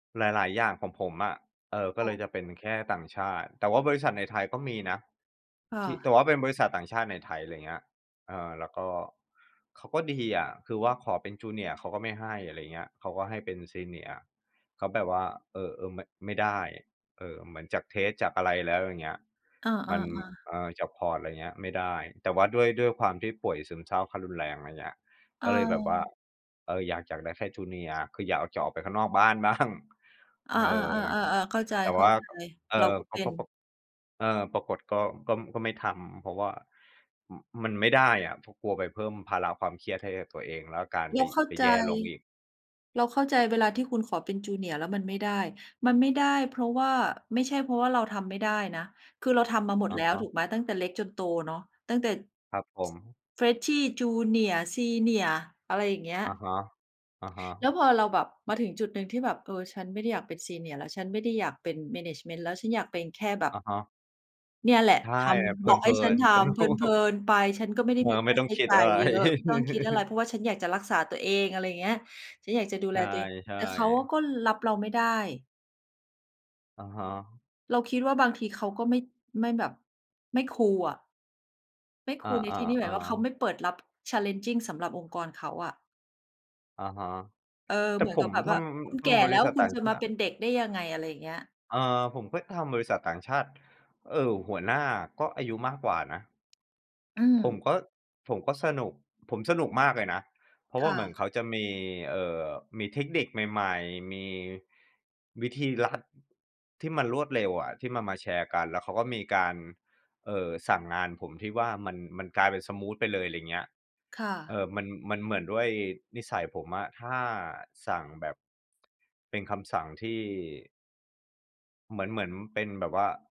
หลาย ๆ อย่างของผมอะ เอ่อ ก็ค่เละ ยจะเป็นแค่ต่างชาติ แต่ว่าบริษัทในไทยก็มีนะ ค่ที่ ะ แต่ว่าเป็นบริษัทต่างชาติในไทย อะไรอย่างเงี้ย เอ่อ แล้วก็เขาก็ดีอะ คือว่าขอเป็น junior เขาก็ไม่ให้ อะไรอย่างเงี้ย เขาก็ให้เป็น senior ก็แบบว่า เออ เออ ม ไม่ได้ เออ เหมือนจากเทสต์ จากอะไรแล้ว อย่างเงี้ย อมัา น ๆ ๆ เอ่อ จากพอร์ต อะไรอย่างเงี้ย ไม่ได้ แต่ว่าด้วย ด้วยความที่ป่วยซึมเศร้าขั้นรุนแรง อะไรอย่างเงี้ย ก็เลยแบบว่า เออ เออ อยากจะได้แค่ junior คืออยากออก จะออกไปข้างนอกบ้าน บ้าง เออ เออ ๆ ๆ ๆ ๆ เข้าใจ แต่ว่า เอๆ เร่าอ ก็ป เป็ป น ป เอ่อ ปรากฏก็ ก็ ก็ไม่ทำ เพราะว่า อ มันไม่ได้อะ เพราะกลัวไปเพิ่มภาระความเครียดให้กับตัวเอง แล้วอาการเไรป าเข้าไปใจ แย่ลงอีก เราเข้าใจเวลาที่คุณขอเป็น junior แล้วมันไม่ได้ มันไม่ได้เพราะว่า ไม่ใช่เพราะว่าเราทำไม่ได้นะ คือเราทำมาหมอดะแล้ฮว ะ ถูกไหม ตั้งแต่เล็กจนโตเนาะ ตั้งแต่ ครับผม Freshy junior senior อะไรอย่างเงี้ย อะฮะ อะฮแะ ล้วพอเราแบบมาถึงจุดหนึ่งที่แบบ เออ ฉันไม่ได้อยากเป็น senior แล้วฉันไม่ได้อยากเป็น แมเนจเมนต์ แล้ว ฉันอยากเป็นแค่แบบ อะฮะ เนี่ยแหละใช่ ทเพำ บอกใหล้ิฉันน ทๆ สนำุเพลิก น ๆ ไป ฉันก็ไม่ได้เออ มีคไม่่าต้ใองช้คิดจ่าอะยไร เยอะ ไม่ต้องคิดอะไร เพราะว่าฉันอยากจะรักษาตัวเอง อะไรอย่างเงี้ย ฉันอยากจะดูใแลตัวเอง ช่ แต่เขาอะๆ ก็รับเราไม่ได้ อะฮะ เราคิดว่าบางทีเขาก็ไม่ ไม่แบบ ไม่คูลอะ ไม่คอา ูลในที่นี้ แบบว่าเขาๆ ๆ ไม่เปิดรับ challenging สำหรับองค์กรเขาอะ อะฮะ เออ แต่เหมือผนกัมบแบบทว่า คุณำ ทแก่ำบแลร้ิว ษัทคุต่ณางจะชมาาเตป็ิ นเด็กได้ยังไง อะไรอย่างเงี้ย เอ่อ ผมก็ทำบริษัทต่างชาติ เออ หัวหน้าก็อายุมากกว่านะ อืผมม ก็ ผมก็สนุก ผมสนุกมากเลยนะ เพราะคว่า่เหมือนะ เขาจะมี เอ่อ มีเทคนิคใหม่ ๆ มีวิธีลัดที่มันรวดเร็วอะ ที่มันมาแชร์กัน แล้วเขาก็มีการ เอ่อ สั่งงานผมที่ว่ามัน มันกลายเป็นสมูทไปเลย อะไรอย่างเงี้ย ค่เะ อ่อ มัน มันเหมือนด้วยนิสัยผมอะ ถ้าสั่งแบบ เป็นคำสั่งที่ เหมือน เหมือนเป็นแบบว่า